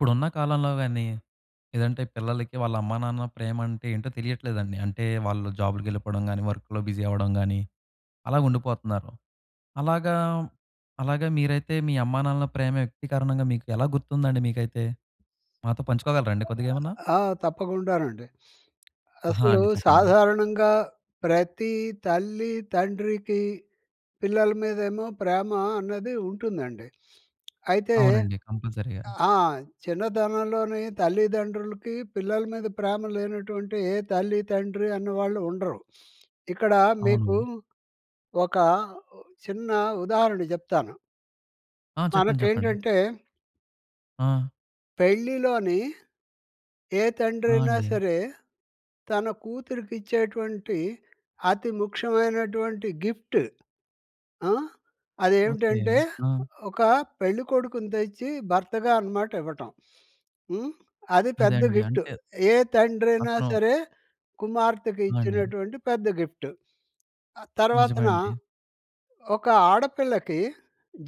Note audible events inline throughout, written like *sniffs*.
ఇప్పుడున్న కాలంలోవేన్నీ, లేదంటే పిల్లలకి వాళ్ళ అమ్మా, నాన్న ప్రేమంటే ఏంటో తెలియట్లేదండి. అంటే, వాళ్ళు జాబులుకెళ్ళిపోడం గానీ, వర్కులో బిజీ అవ్వడం గానీ, అలాగుండిపోతన్నారు. అలాగా అలాగా మీరైతే, మీ అమ్మానాన్నల ప్రేమ వ్యక్తీకరణంగా మీకు ఎలా గుర్తుందండి మీకైతే? మాతో పంచుకోగలరండి కొద్దిగేమన్నా? ఆ! తప్పకుండానండి. అహా! అసలూ అండి. చెప్పండి. సాధారణంగా ప్రతీ తల్లీ, తండ్రికి పిల్లల మీదేమో ప్రేమ అన్నది ఉంటుందండి. అయితే అవునండి. కంపల్సరీగా. ఆ! చిన్నతనంలోనే తల్లిదండ్రులకి, పిల్లల మీద ప్రేమ లేనటువంటి ఏ తల్లి, తండ్రి అనే వాళ్ళు ఉండరు. ఇక్కడా మీకూ అవును. ఒక ఓ, చిన్న ఉదాహరణ జెప్తాను. ఆ! చెప్పండి. చెప్పండి. మనకేంటంటే ఆ! పెళ్ళిలోని ఏ ఆ! తండ్రయినా అండి. సరే, తన కూతురికిచ్చేటువంటి అతి ముఖ్యమైనటువంటి గిఫ్ట్ ఆ! ఓకే. అదేవిటంటే, ఆ! ఒక పెళ్ళికొడుకుని తెచ్చి భర్తగా అనమాట ఇవ్వటం. హ్మ్. అది పెద్ద అదండి. గిఫ్టు. అంటే ఏ తండ్రయినా అతను సరే, కుమార్తెకు ఆ! అండి. ఇచ్చినటువంటి పెద్ద గిఫ్టు. ఆహ్, తర్వాతన నిజమండి. ఒక ఆడపిల్లకి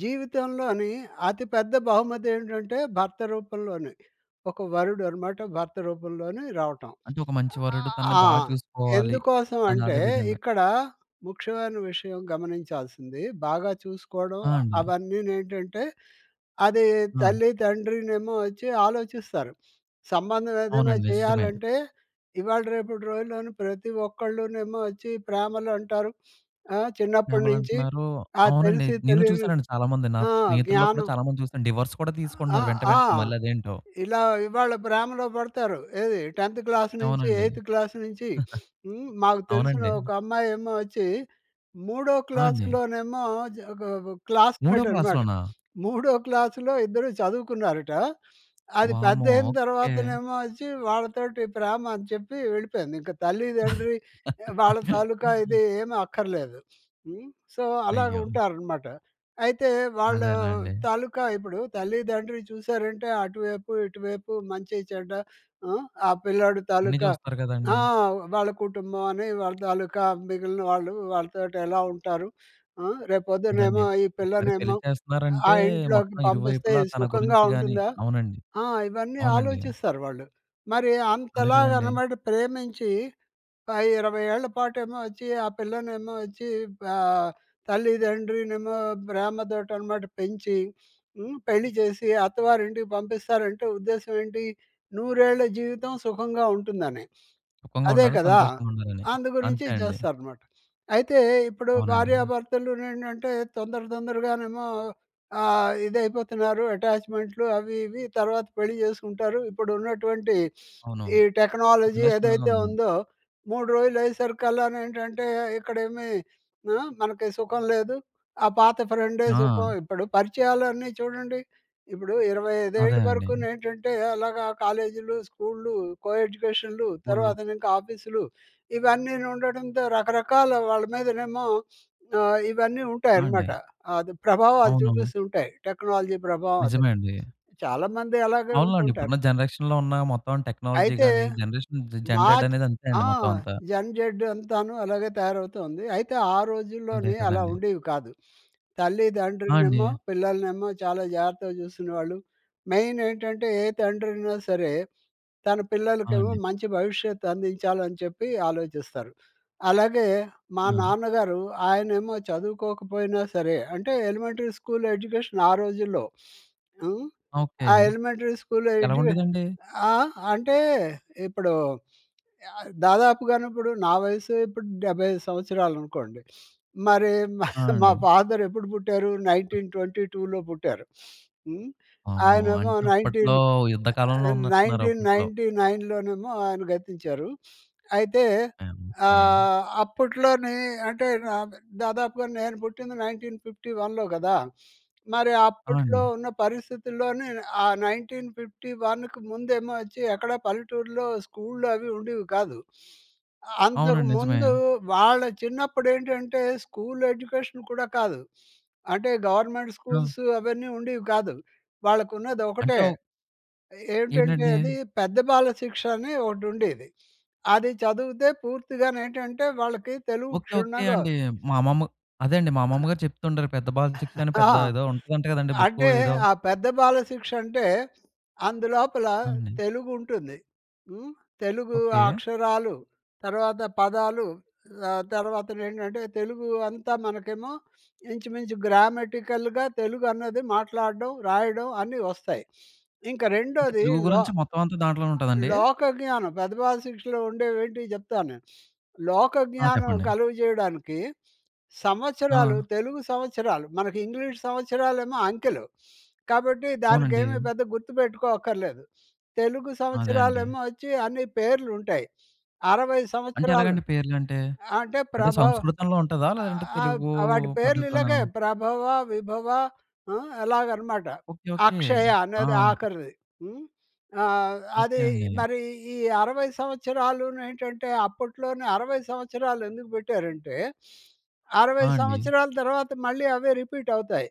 జీవితంలోని అతి పెద్ద బహుమతేంటంటే, భర్త రూపంలోనే. ఒక వరుడు అనమాట భర్త రూపంలోనే రావటం. అంటే, ఒక మంచి వరుడు తనని ఆ! బా చూసుకోవాలి అని ఎందుకోసవంటే, అదే విధంగా. ఇక్కడా ముఖ్యమైన విషయం గమనించాల్సింది, బాగా చూసుకోవడం, ఆ! అ అండి. అవన్నీనేంటంటే, అదీ ఆ! తల్లి, తండ్రినేమో ఒచ్చి ఆలోచిస్తారు. సంబంధం ఏదైనా అవునండి. నిజమే. చెయ్యాలంటే, ఇవాళ, రేపుటి రోజుల్లోను ప్రతి ఒక్కళ్ళునేమో ఒచ్చి ప్రేమలు అంటారు. ఆ! చిన్నప్పుడు నుంచి, ప్రేమలంటన్నారూ. ఆ అవునండి. తెలిసి నేను తెలియని చూశానండి చాలా మంది ఆ! నాఫ్ స్నేహితుల్లో కూడా జ్ఞానం. చాలా మందిని చూశాను. డివోర్స్ కూడా ఆ! తీసుకుంటున్నారు వెంట ఆ! వెంటనే, మళ్ళీ అదేంటో. ఇలా ఇవాళ ప్రేమలో పడతారు. ఏది 10థ్ క్లాసు నుంచి, అవునండి. ఎయిత్ క్లాసు నుంచి. *sniffs* హ్మ్, *giggles* మాకు తెలిసిన అవునండి. ఒక అమ్మాయేమోచ్చీ, మూడో ఆ! అండి. క్లాసులోనేమో జ ఒగ ఒగగ్ మూడో క్లాస్‌మేటున్నాడు. క్లాస్‌లోనా? మూడో క్లాసులో ఇద్దరు చదువుకున్నారటా, అది వామ్మో! పెద్దయిన ఓకే. తర్వాతనేమో ఒచ్చి, వాళ్ళతోటి ప్రేమ అని చెప్పి వెళ్ళిపోయింది. ఇంక తల్లి-దండ్రి, ఎ వాళ్ళ తాలూకా *laughs* ఇది ఏమి అక్కర్లేదు. హ్మ్. సో, అయ్యో! అలాగుంటారనమాట. అయితే, వాళ్ళూ అదేలేండి. తాలూకా ఇప్పుడు తల్లి-దండ్రి చూశారంటే, అటువైపు-ఇటువైపు, మంచి-చెడ్డ, ఆ! ఆ పిల్లాడు అన్నీ తాలూకా, చూస్తారు ఆ! గదండీ. వాళ్ళ కుటుంబవని, వాళ్ళ తాలూకా మిగిలిన వాళ్ళు, వాళ్ళతోటి ఎలా ఉంటారు? ఆ! రేపు అదే అండి. పొద్దునేమో ఈ ఒకసారి పెళ్లి పిల్లనేమో, ఆ చేస్తన్నారంటే, ఇంట్లోకి మొత్తం పంపిస్తే ఇరువైపులా తన సుఖంగా గురించి గానీ ఉంటుందా? అవునండి. ఆ! ఇవన్నీ అవునండి. ఆలోచిస్తారు వాళ్ళు. మరి అదే కదండీ. అంతలాగనమాట ప్రేమించీ, ఒక 20 ఏళ్ళ పాటేమో ఒచ్చీ, ఆ పిల్లనేమో ఒచ్చీ, ప ఆహ్, తల్లిదండ్రినేమో ప్రేమతోటి అనమాట పెంచి, హ్మ్, పెళ్లి జేసి అత్తవారింటికి పంపిస్తారంటే ఉద్దేశవేంటి? 100 ఏళ్ళ జీవితం సుఖంగా ఉంటుందనే. అదే సుఖంగుండాలి, కదా! సంతోషంగుండాలని. అందు గురించి అంతే అండి. చేస్తారనమాట. అయితే, ఇప్పుడు అవునండీ. భార్యాభర్తలునుండుంటే, తొందర తొందరగానేమో ఆహ్, ఇదయిపోతన్నారు, అటాచ్‌మెంట్లు అవి ఇవి, తర్వాత పెళ్ళి చేసుకుంటారు. ఇప్పుడు ఉన్నటువంటి *sniffs* అవును. ఈ టెక్నాలజీ ఏదైతే రిలేషనల్లోని. ఉందో, 3 రోజులయ్యేసరికల్లానేంటంటే, ఇక్కడేమీ ఆ! మనకి సుఖం లేదు, ఆ పాత ఫ్రెండే సుఖం. ఆ! ఇప్పుడు పరిచయాలన్నీ చూడండి. ఇప్పుడూ 25 అదే ఏళ్ళు అండి. వరుకూనేంటంటే, అలాగా కాలేజీలు, స్కూళ్లు, కో-ఎడ్యుకేషన్‌లు, ఉళ్ళు. తర్వాతనింక ఆఫీసులు. ఇవన్నీనుండడంతో రకరకాల వాళ్ళ మీదనేమో ఆహ్, ఇవన్నీ ఆ! ఉంటాయనమాట. అండి. అది ప్రభావాలు అవునవును. చూపిస్తుంటాయి. టెక్నాలజీ ప్రభావం అదే. నిజమే అండీ. చాలామంది అలాగే అవునులోండి. ఉంటుంటారు. ఇప్పుడున్న జనరేషన్‌లో ఉన్నా మొత్తం అన్ టెక్నాలజీ‌ అయితే, గానీ, జనరేషన్ జ మాచ్ జన్‌రెడ్డనేది అంతే అండి ఆ! మొత్తం అంతా. జన్‌జెడ్డు అంతాను అలాగే తయారవుతూ ఉంది. అయితే, ఆ అంతే రోజుల్లోని అలా కదండీ. ఉండేవి కాదు. ఆ! అండీ. తల్లిదండ్రినేమో, పిల్లలనేమో చాలా జాగ్రత్తగా చూసుకునేవాళ్ళు. మెయినేంటంటే, ఏ తండ్రయినా సరే, తన ఆ! పిల్లలకేమో అండి. మంచి భవిష్యత్తు అందించాలని చెప్పి ఆలోచిస్తారు. అలాగే, మా ఆ! నాన్నగారు, ఆయనేమో చదువుకోకపోయినా సరే, అంటే ఎలిమెంటరీ స్కూల్ ఎడ్యుకేషన్ ఆ రోజుల్లో. హ్మ్, ఓకే. ఆ ఎలిమెంటరీ స్కూల్లో ఎలా ఎడ్యుకే ఉండేదండి? ఆహ్, అంటే, ఇప్పుడూ యాహ్, దాదాపుగానుప్పుడు నా వయస్సే ఇప్పుడు 75 సంవత్సరాలనుకోండి. *sniffs* మరీ మా ఆ! మా అండీ. ఫాదరెప్పుడు పుట్టారు? 1922లో పుట్టారు. *sniffs* హ్మ్, వామ్మో! ఆయనేమో అంటే 19 అప్పట్లో యుద్ధ ఆహ్, కాలంలో ఆహ్, ఉన్నట్టున్నారు నైన్టీన్ అప్పుట్లో. నైన్టీ నైన్‌లోనేమో ఆయన గతించారు. *sniffs* అయితే, యాహ్! ఓకే. ఆహ్, అప్పట్లోనే అంటే, నాక్ దాదాపుగా నేను పుట్టింది 1951‌లో గదా! మరి ఆ! అప్పుట్లో అండి. ఉన్న పరిస్థితుల్లోనేను, ఆ 1951కు ముందేమో వచ్చి, ఎక్కడా పల్లెటూర్లో స్కూల్లు అవి ఉండీవి కాదు. అ అంతక అవునండి. నిజమే. ముందూ వాళ్ళ చిన్నప్పుడేంటంటే, స్కూల్ ఎడ్యుకేషన్ కూడా కాదు. అంటే, గవర్నమెంట్ ఆ! స్కూల్సు అవన్నీ ఉండీవి కాదు. అంటే, వాళ్ళకున్నదొకటే. ఒ ఏమిటంటే ఏంటండీ? అది, 'పెద్ద బాలశిక్ష' అని ఒకటుండేది. అది చదివుతే పూర్తిగానేంటంటే, వాళ్ళకి తెలుగు ఓకే. ఓకే క్షుణ్ణంగా అండీ. మా అమ్మమ్మ అదే అండి మా అమ్మమ్మ గారు చెప్తుంటారు, 'పెద్ద బాలశిక్ష' *giggles* అని ఆ! పెద్ద ఏదో ఉంటదంట గదండీ బుక్కు అంటే, ఏదో? ఆ పెద్ద బాలశిక్షంటే, అందులోపలా అవునండి. తెలుగుంటుంది. హ్మ్, తెలుగూ ఆ ఓకే. అక్షరాలు, తర్వాత పదాలు, ఆహ్, తర్వాతనేంటంటే, తెలుగూ అంతా మనకేమో ఇంచుమించు గ్రామటికల్‌గా తెలుగు అన్నది మాట్లాడడం, రాయడం అన్ని వస్తాయి. ఇంక ఇంక రెండోది తెలుగు లో గురించి మొత్తవంత దాంట్లోనే ఉంటదండీ? లోకజ్ఞానం 'పెద్దబాలశిక్ష'లో ఉండేవేంటియి జెప్తాను. *sniffs* ఆ! లోకజ్ఞానం చెప్పండి. కలుగజేయడానికి సంవత్సరాలు, ఆ! తెలుగు సంవత్సరాలు. మనకి ఇంగ్లీష్ సంవత్సరాలేమో అంకెలు. కాబట్టి, అవునండి. దానికేమీ పెద్ద గుర్తుపెట్టుకో అక్కర్లేదు. తెలుగు అదే అండి. సంవత్సరాలేమో ఒచ్చి అన్ని పేర్లుంటాయి. 60 అంటే, సంవత్సరాలు ఎలాగండి పేర్లంటే? అంటే, అంటే, ప్రభవ్ సంస్కృతంలో ఉంటదా, లేదంటే ఆబ్ తెలుగూ వాటి పద్ధతిలోనా? పేర్లిలాగే ప్రభవ, విభవ హ్మ్, అలాగనమాట. ఓకే. ఓకే. అక్షయ ఆ! అనేది ఆఖరిది. హ్మ్, ఆహ్, ఓకే అదీ అండి. మరీ ఈ 60 సంవత్సరాలూనేంటంటే, అప్పట్లోనే 60 సంవత్సరాలు ఎందుకు పెట్టారంటే, 60 ఆ! అండి. సంవత్సరాల తర్వాత మళ్ళీ అవే రిపీటవుతాయి.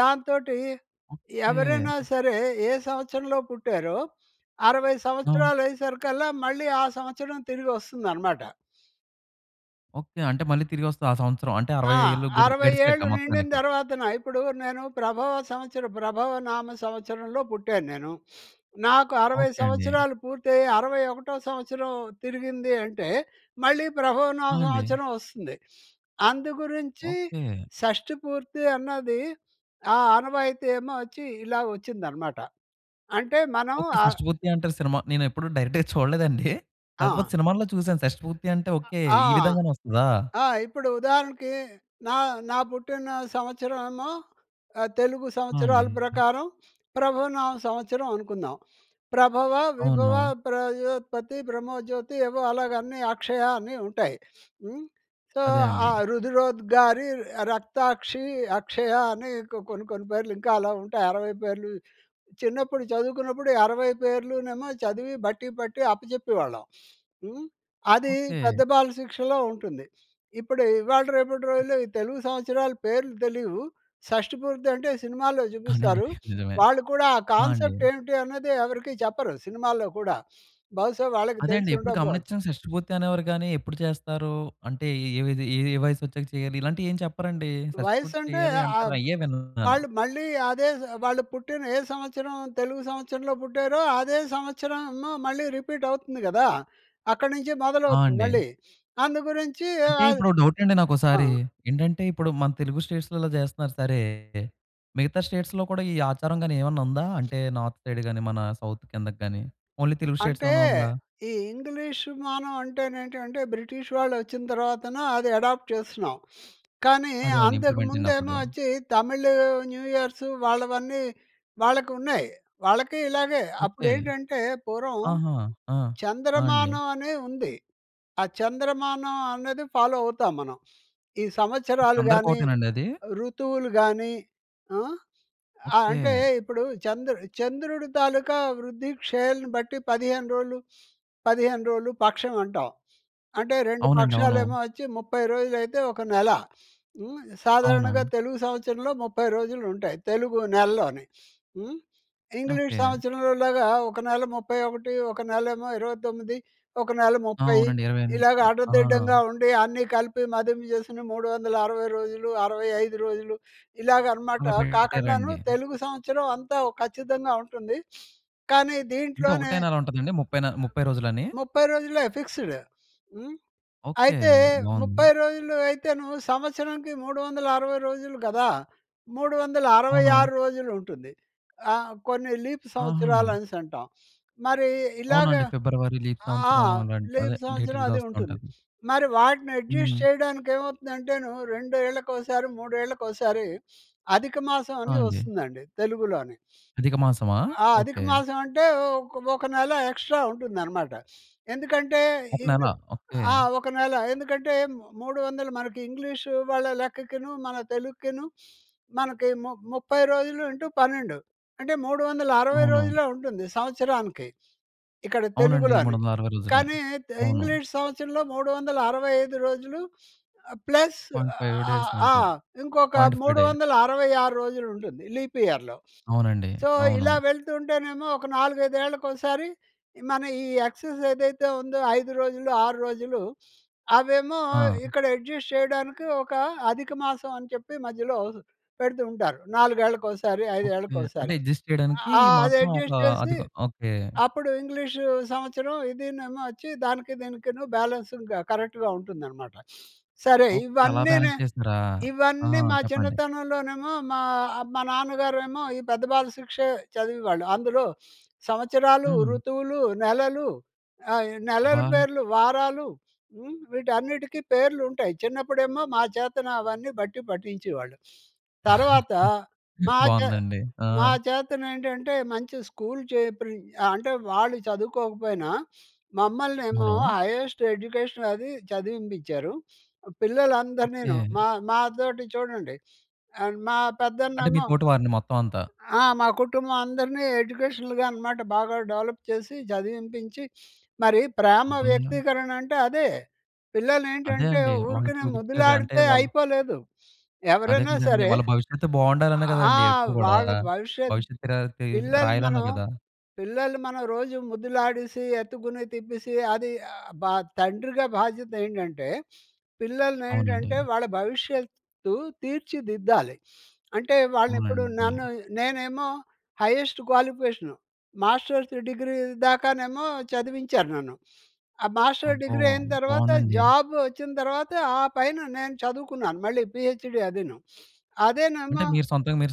దాంతోటీ ఎవరైనా ఓకే. సరే, ఏ సంవత్సరంలో పుట్టారో, 60 ఆ! సంవత్సరాలయ్యేసరికల్లా మళ్ళీ ఆ సంవత్సరం తిరిగి వస్తుందనమాట. ఓకె అంటే మళ్ళీ తిరిగొస్తది ఆ సంవత్సరం. అంటే ఆ! 60 ఏళ్ళు గు 60 గడిచాక ఏళ్ళు నిండిన మొత్తానికి. తర్వాతన ఇప్పుడు నేను ప్రభవ సంవత్సరం, ప్రభవ నామ సంవత్సరంలో పుట్టాన్నేను. *sniffs* నాకు 60 ఓకె అండి. సంవత్సరాలు పూర్తయ్యి 60 ఒకటో సంవత్సరం తిరిగింది అంటే మళ్ళీ ప్రభవ నామ ఆ! అండి. సంవత్సరం వస్తుంది. అందుగురించి ఓకె. షష్టిపూర్తి అన్నది, ఆ ఆనవాయితీ ఏమో వచ్చి ఇలా వచ్చిందనమాట. అంటే మనం ఓకె. అ షష్టి పూర్తి అంటారు సినిమా నేనెప్పుడు డైరెక్ట్‌గా *chuckles* చూడలేదండి. కాకపోతే ఆ! సినిమాలో చూసాను షష్టి పూర్తి అంటే అ! ఓకె ఆ! ఈ విధంగానే వస్తదా! ఆ! ఇప్పుడు ఉదాహరణకి నా, నా పుట్టిన సంవత్సరం ఏమో తెలుగు ఆ! అండి. సంవత్సరాల ప్రకారం *sniffs* ప్రభవనామ సంవత్సరం అనుకుందాం. ప్రభవ, విభవ, అవును. ప్రజోత్పతి, బ్రహ్మొజ్యోతి ఏవో అలాగ అన్నీ అక్షయ అన్ని ఉంటాయి. *sniffs* హ్మ్. సో, అదే ఆ అండి. రుదరోద్గారి, రక్తాక్షి, అక్షయ అని కొ కొన్ని, కొన్ని పేర్లు ఇంకా అలా ఉంటాయి 60 పేర్లు చిన్నప్పుడు చదువుకున్నప్పుడు, ఈ 60 పేర్లు నేమో చదివి బట్టి పట్టి అప్పజెప్పేవాళ్ళం. *sniffs* హ్మ్. అది ఓకె. పెద్ద బాలశిక్షలో ఉంటుంది. ఇప్పుడు ఇవాళ రేపటి రోజుల్లో ఈ తెలుగు సంవత్సరాల పేర్లు తెలీవు. షష్టిపూర్తి అంటే సినిమాల్లో అవునండి. చూపిస్తారు, *sniffs* నిజమే. వాళ్ళు కూడా ఆ ఆ! అండి. కాన్సెప్ట్ ఏంటి అనేది ఎవరికీ చెప్పరు సినిమాల్లో కూడా బహుశా వాళ్ళకి అదే అండి. తెలిసి ఎప్పుడు ఉండకపోవచ్చు. గమనించం షష్టిపూర్తి అనేవారు గాని ఎప్పుడు చేస్తారూ అంటే ఏ విద ఎ ఏ వయసొచ్చాక చేయాలి ఇలాంటి ఏం చెప్పరండీ. షష్టిపూర్తి వయస్సంటే చెయ్యాలి ఆహ్, అంటారు అయ్యే విన్నాను. వాళ్ళు మళ్ళీ అదే జ్ వాళ్ళు పుట్టిన ఏ సంవత్సరం, తెలుగు సంవత్సరంలో పుట్టారో అదే సంవత్సరంమో మళ్ళీ రిపీట్ అవుతుంది కదా! అక్కడి నుంచి ఆ! మొదలవుతుంది అండి. మళ్ళీ. అందు గురించి ఏ అంటే ఆద్ ఇప్పుడు డౌటండి ఆ! నాకోసారి. ఏంటంటే ఇప్పుడు మన తెలుగు స్టేట్స్‌లో చేస్తున్నారు సరే. మిగతా స్టేట్స్‌లో కూడా ఈ ఆచారం గాని ఏమైనా ఉందా? అంటే నార్త్ సైడ్ గాని మన సౌత్ కిందగ్గాని ఓన్లీ తెలుగు అంటే స్టేట్స్‌లోనే ఉందా? ఈ ఇంగ్లీష్ మానం అంటే నేంటంటే బ్రిటిష్ వాళ్ళు వచ్చిన తర్వాత అది అడాప్ట్ చేస్తున్నాం. *sniffs* కానీ, అదే అండి. ఇంప్లిమెంట్ అంతకుముందేమో చినప్పుడు. వచ్చి తమిళ్ న్యూ ఇయర్స్ వాళ్ళవన్నీ వాళ్ళకున్నాయి వాళ్ళకీ ఇలాగే. ఓకె. అప్పుడేంటంటే పూర్వం ఆహా! ఆ! ఆ! అండి. చంద్రమానం అని ఉంది. ఆ చంద్రమానం అనేది ఫాలో అవుతాం మనం. *sniffs* ఈ ఓకె. సంవత్సరాలు అందరికి గాని ఒకటేనండదీ? ఋతువులు గానీ ఆహ్, అ అంటే ఓకె. ఇప్పుడు చంద్రుడు చంద్రుడు తాలూకా వృద్ధి క్షేయలను బట్టి పదిహేను రోజులు 15 రోలు, *sniffs* 15 రోలు పక్షం అంటాం. అంటే 2 అవునండి. అవును. పక్షాలేమో వచ్చి 30 రోజులైతే ఒక నెల. హ్మ్ సాధారణంగా అవును. తెలుగు సంవత్సరంలో 30 రోజులుంటాయి. తెలుగు నెలలోని *sniffs* హ్మ్. English okay. సంవత్సరంలోలాగా ఒక నెల 31, ఒక నెలేమో 29, ఒక నెల ఆ! 30 అవునండి. ఇరవై ఇలాగ ఎనిమిది. ఆ! ఆడదిడ్డంగా ఉండి అన్నీ కలిపి మదింపు చేసుకొని 360 రోజులు 65 ఇలాగనమాట అలా కాకండాను పెట్టారండి. తెలుగు సంవత్సరం అంతా ఖచ్చితంగా ఉంటుంది. *sniffs* కానీ అంటే దీంట్లోనే ఒకటే నెల ఉంటాదండి 30న 30 రోజులని. 30 రోజులే ఫిక్స్డ్ హ్మ్. ఓకె. అయితే, బావుంది. 30 రోజులు అయితేను సంవత్సరానికి 360 రోజులు కదా! మూడు వందల అరవై అవును. ఆరు రోజులుంటుంది. ఆహ్, కొన్ని లీప్ సంవత్సరాలు ఆహా! అనేసంటాం. మరీ ఇలాగ అవునండి. ఫిబ్రవరి లీప్ ఆ! సంవత్సరం అలాంట్ లీప్ అదే డేట్ సంవత్సరం *unintelligible* అది వస్తా ఉంటుంది. ఉంటది. మరి వాటిని యడ్జస్ట్ హ్మ్. చేయడానికి ఏమవుతుందంటేను రెండేళ్లకోసారి, మూడేళ్లకోసారి *sniffs* అధికమాసం ఆ! అని అండి. వస్తుందండి తెలుగులోని. అధిక మాసమా? ఆ ఓకె. అధికమాసం అంటే ఓక, ఒక నెల ఎక్స్‌ట్రా ఉంటుందనమాట. *sniffs* ఎందుకంటే ఒక హిందూ నెల. ఓకె. ఆహ్, ఒక నెల. ఎందుకంటే 300 మనకి ఇంగ్లీషు వాళ్ళ లెక్కకును, మన తెలుక్కిను *sniffs* మనకి ము ముప్పై రోజులు ఇంటూ 12 అంటే 360 అవును. రోజులే ఉంటుంది సంవత్సరానికి. ఇక్కడ అవునండి. తెలుగులోని. 360 రోజులే. కానీ, తె అవును. ఇంగ్లీష్ సంవత్సరంలో 365 రోజులు ఆహ్, plus point ah, five days ah, అని ఆ! ఉంటది. ఇంకొక 0.5 మూడు డే వందల అరవై ఆరు రోజులుంటుంది లీప్ ఇయర్‌లో. అవునండి. సో, అవును. ఇలా వెళ్తూంటేనేమో ఒక నాలుగైదేళ్ళకోసారి మన ఈ ఎక్సస్ ఏదైతే ఉందో 5 రోజులు 6 రోజులు, అవేమో ఆ! ఇక్కడ యడ్జస్ట్ చేయడానికి ఒక అధికమాసం అని చెప్పి మధ్యలో పెడుతూ ఉంటారు నాలుగేళ్ళకోసారి, ఓకె. అంటే ఐదేళ్ళకోసారి. యడ్జస్ట్ చేయడానికీ ఈ ఆహ్, మాత్రం ఒక అదెడ్జస్ట్ చేసి, అధిక ఓకె. అప్పుడు ఇంగ్లీషు సంవత్సరం ఇదినేమో వచ్చి దానికి దీనికి బ్యాలెన్స్ కరెక్ట్‌గా ఉంటుందనమాట. *sniffs* సరే ఓకె. అలా ఇవన్నీని బ్యాలెన్స్ చేసారా! ఆ! ఇవన్నీ మా చెప్పండి. చిన్నతనంలోనేమో, మా మా నాన్నగారేమో ఈ పెద్ద బాలశిక్ష చదివేవాళ్ళు. అందులో *sniffs* సంవత్సరాలు, హ్మ్. ఋతువులు, నెలలు ఆహ్, ఈ నెలల అబ్బా! పేర్లు, వారాలు హ్మ్. వీటన్నిటికీ పేర్లుంటాయి చిన్నప్పుడేమో మా చేతన అవన్నీ బట్టి పట్టించేవాళ్ళు. తర్వాత, *chuckles* మా చే బావుందండి. ఆ! మా చేతనేంటంటే మంచి స్కూల్ చేర్పించి అంటే వాళ్ళు చదువుకోకపోయినా, *sniffs* మమ్మల్నేమో అవును. హైయస్ట్ ఎడ్యుకేషన్ అదీ చదివింపించారు. పిల్లలందరినీనూ ఓకె. మా మాతోటి చూడండి ఆహ్, మా అంటే మీ పెద్దన్నేమో తోటి వారిని మొత్తమంతా! ఆ! మా కుటుంబం అందరిని ఎడ్యుకేషనల్‌గా అనమాట బాగా డెవలప్ చేసి చదివింపించి, *sniffs* మరి ప్రేమ అబ్బా! వ్యక్తీకరణ అంటే అదే. అదే పిల్లలేంటంటే అండి. వాళ్ళు ఊరికనే చూపించేది, అంటే ముద్దులాడితే వాళ్ళు అయిపోలేదు. అదే ఎవరైనా కదండీ! సరే వాళ్ళ భవిష్యత్తు బావుండాలనే ఆ! గదండీ! ఎప్పుడు గూడా. వాళ్ళ భవిష్యత్తు భవిష్యత్తరాలది పిల్లలు రాయాలనే మనం గదా! పిల్లలు మనం రోజు ముద్దులాడేసి, ఎత్తుకుని తిప్పేసి అది బ తండ్రిగా బాధ్యతేంటంటే అవునండి. పిల్లల్నేంటంటే వాళ్ళ భవిష్యత్తు తీర్చిదిద్దాలి. *sniffs* అంటే వాళ్ళనిప్పుడు అవునండి. నన్ను నేనేమో హైయెస్ట్ క్వాలిఫికేషను. మాస్టర్స్ డిగ్రీ దాకానేమో చదివించారు నన్ను. *sniffs* ఆ మాస్టర్ అబ్బో! డిగ్రీ అయిన తర్వాత బావుందండి. జాబ్ వచ్చిన తర్వాత ఆ పైన నేను చదువుకున్నాను మళ్ళీ పీహెచ్‌డీ అదినూ. *sniffs* అంటే అదేనేమో మీరు సొంతంగా మీరు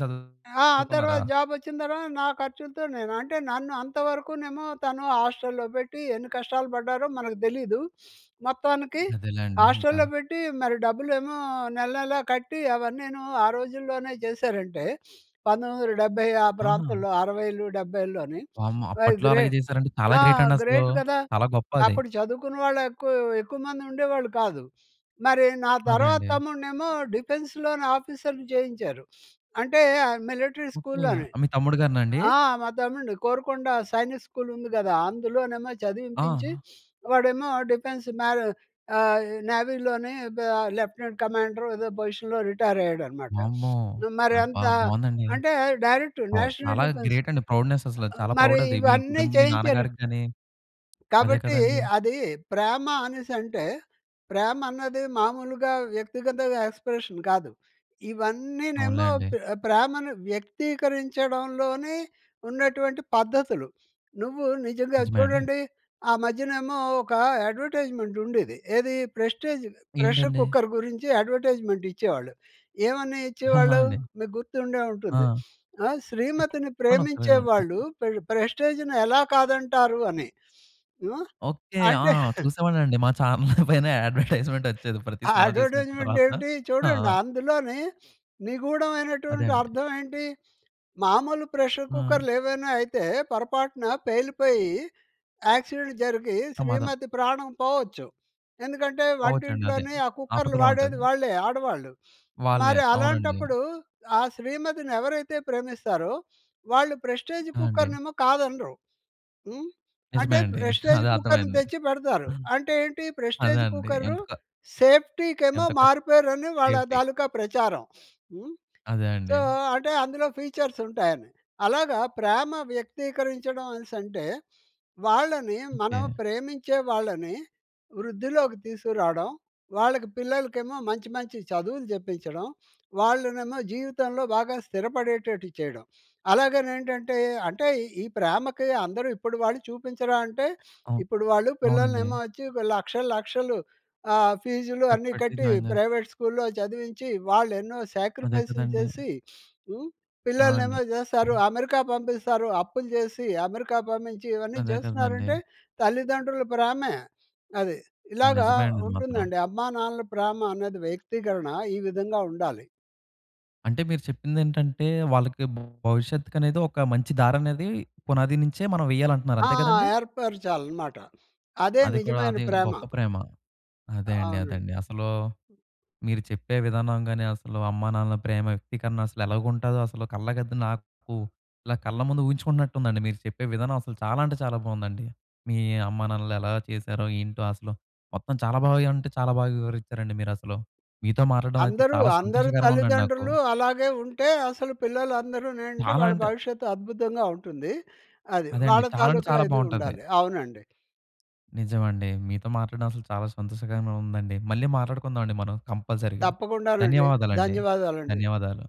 ఆ! ఆ చదువుకున్నారా? తర్వాత జాబొచ్చిన తర్వాత నా ఖర్చులతో నేను. అంటే నన్ను అంతవరకునేమో తను హాస్టల్‌లో పెట్టి ఎన్ని కష్టాలు పడ్డారో మనకు తెలీదూ. *sniffs* మొత్తానికి అదేలేండి ఇంకా. హాస్టల్‌లో పెట్టి మరి డబ్బులేమో, నెల, నెల కట్టి అవన్నీనూ ఆ రోజుల్లోనే చేశారంటే *sniffs* 1970 ఆ ఆహా! ప్రాంతంలో అరవైలు డెబ్బైల్లోని వామ్మో! అయి అప్పట్లో గ్రే అలాగే చేసారంటే చాలా ఆ! గ్రేట్ అండి అసలూ! గ్రేట్ కదా! చాలా గొప్ప అది. అప్పుడు చదువుకున్న వాళ్ళెక్కువ, ఎక్కువ మంది ఉండేవాళ్ళు కాదు. *sniffs* మరి నా అదే అండి. తర్వాత్తమ్ముడినేమో డిఫెన్స్‌‌లోనాఫీసర్‌ని చేయించారు. *sniffs* అంటే ఆహ్, మిలిటరీ ఓకె. ఆహ్, స్కూల్లోనే. మీ తమ్ముడు గారినాండి! ఆ! మా తమ్ముడుని కోరుకొండ సైనిక్ స్కూల్ ఉంది కదా! అందులోనేమో చదివింపించి, ఆ! *sniffs* వాడేమో డిఫెన్స్ మ్యారొ ఆహ్, నావిలోనే బ లెఫ్ట్‌నెంట్ కమాండరో ఏదో పొజిషన్‌లో రిటైరయ్యాడనమాట. వామ్మో! *sniffs* అబ్బా! మరంత బావుందండి. అంటే డైరెక్ట్ అవ్ నేషనల్ చాలా డిఫెన్స్. గ్రేట్ అండి. ప్రౌడ్‌నెస్ అసలు ఆహ్, చాలా మరి ప్రౌడ్ అది. మీ ఇవన్నీ కుటుంబ మీ చేయించారు నాన్నగారికి గాని అదే కాబట్టి కదండీ! అదీ, ప్రేమ అనేసంటే ప్రేమ అన్నది మామూలుగా వ్యక్తిగతగా ఎక్స్‌ప్రెషన్ కాదు. ఇవన్నీనేమో అవునులేండి. ప్రె ప్రేమను వ్యక్తీకరించడంలోనే ఉన్నటువంటి పద్ధతులు. నువ్వు నిజంగా నిజమే అండి. చూడండి. ఆ మధ్యనేమో ఒక యడ్వర్టైజ్‌మెంట్ ఉండేది. ఏది ప్రెస్టీజ్ ప్రెషర్ ఏంటండి? కుక్కర్ గురించి యడ్వర్టైజ్‌మెంట్ ఇచ్చేవాళ్ళు. ఏవని ఆహా! ఇచ్చేవాళ్ళు! అండి. మీకు గుర్తుండే ఆ! ఉంటుంది. ఆహ్, శ్రీమతిని చెప్పండొకసారీ ప్రేమించేవాళ్ళు *unintelligible* పెర్ ప్రెస్టీజ్‌ని ఎలా కాదంటారు అని. హ్మ్. ఓకె. ఆ! అంటే *chuckles* చూసేవాన్నండి. మా చానెల్ పైనే యడ్వర్టైజ్‌మెంట్ వచ్చేది ప్రతి ఆ సినిమా చూసినప్పుడు యడ్వర్టైజ్‌మెంట్ తర్వాత ఏంటి ఆ! చూడండి అందులోనే అదే నిగూఢమైనటువంటి అండి. అర్థం ఏంటి మామూలు ప్రెషర్ ఆ! కుక్కర్లేవైనా అయితే పొరపాటున పేలిపోయి యాక్సిడెంట్ జరిగి ప్రమాదం. శ్రీమతి ప్రాణం పోవచ్చు. ఎందుకంటే పోవచ్చండదే వంటింట్లోనే ఆ కుక్కర్లు ఆపదలో వాడేది ఉంటది. వాళ్ళే ఆడవాళ్ళు. వాళ్ళే. మరి అవునండి. అలాంటప్పుడు ఆ శ్రీమతిని ఎవరైతే ప్రేమిస్తారో వాళ్ళు ప్రెస్టీజ్ ఆ! అండి. కుక్కర్నేమో కాదనరు. హ్మ్. నిజమే అంటే అండి. *chuckles* ప్రెస్టీజ్ అదే కుక్కర్‌ని అర్థమైంది. తెచ్చి పెడతారు. అంటే ఏంటి అదే ప్రెస్టీజ్ అండి కుక్కరు ఎందుకొ సేఫ్టీకేమో ఎంత ఖర్ మారు పేరని వాళ్ళ సేఫ్టి. తాలుకా ప్రచారం. హ్మ్. అదే సో, అండి. అంటే అందులో ఫీచర్స్ ఉంటాయని అలాగా ప్రేమ వ్యక్తీకరించడం అనేసంటే, వాళ్ళని మనం ఓకె. ప్రేమించే వాళ్ళని వృద్ధిలోకి తీసుకురావడం. వాళ్ళకి పిల్లలకేమో మంచి మంచి చదువులు చెప్పించడం, వాళ్ళనేమో జీవితంలో బాగా స్థిరపడేటట్టు చేయడం. అలాగనేంటంటే అంటే ఈ ఈ ప్రేమకి అందరూ ఇప్పుడు వాళ్ళు చూపించరా అంటే, అవును. ఇప్పుడు వాళ్ళు అవునండి. పిల్లలనేమో వచ్చి ఒక లక్షలు, లక్షలు ఆహ్, ఫీజులు ఖర్చు అన్నీ పట్టి కట్టి జాయిన్ చేస్తారు. ప్రైవేట్ స్కూల్‌లో చదివించి, వాళ్ళెన్నో అదే శ్యాక్రిఫైస్‌లు కదండీ! చేసి, *sniffs* హ్మ్. ఆ! అండి. పిల్లలనేమో జేస్తారు, హ్మ్. అమెరికా పంపిస్తారు, అప్పులు జేసి అమెరికా పంపించి ఇవన్నీ అదే కదండీ! జేస్తున్నారంటే, తల్లిదండ్రుల ప్రేమే. అది. ఆ! ఇలాగా నిజమే అండి. అది మాత్రం. ఉంటుందండి. అమ్మా నాన్నల ప్రేమనేది వ్యక్తీకరణ ఈ విధంగా ఉండాలి. అంటే మీరు చెప్పిందేంటంటే, వాళ్ళకి భవిష్యత్తు కనేది ఒక మంచి దారనేది పునాది నుంచే మనం వెయ్యాలంటున్నారు. ఆ! అంతే కదండీ! ఏర్పరచాలనమాట. అదే అది కూడా నిజమైన అది ప్రేమ. గొప్ప ప్రేమ. అదే అండి. అదే అవునండి. అండి. అసలూ మీరు చెప్పే విధానం గాని అసలు అమ్మానాన్నల ప్రేమ వ్యక్తీకరణ అసలు ఎలాగుంటుందో అసల కళ్ళకద్ది నాకు ఇలా కళ్ళ ముందు ఊహించుకుంటున్నట్టుందండి మీరు చెప్పే విధానం అసలు చాలా అంటే చాలా బావుందండి. మీ అమ్మానాన్నలు ఎలా చేశారో ఏంటో అసలు, మొత్తం చాలా బాగా అంటే చాలా బాగా వివరించారండి మీరసలు. మీతో మాట్లాడడం అయితే అందరూ, చాలా అందరూ సంతోషకరంగా ఉందండి నాకు. తల్లిదండ్రులు అలాగే ఉంటే అసలు పిల్లలందరూ నేంటి, చాలా వాళ్ళ అంటే భవిష్యత్తు అద్భుతంగా ఉంటుంది. అది. అదండి. వాళ్ళ చాలా అంటే తాలూకా చాలా ఇది బావుంటది. ఉండాలి. అవునండి. నిజమండి. మీతో మాట్లాడడం అసలు చాలా సంతోషకరంగా ఉందండి. మళ్ళీ మాట్లాడుకుందావండి మనం కంపల్సరీగా. తప్పకుండానండి, ధన్యవాదాలండి. ధన్యవాదాలండి. ధన్యవాదాలు.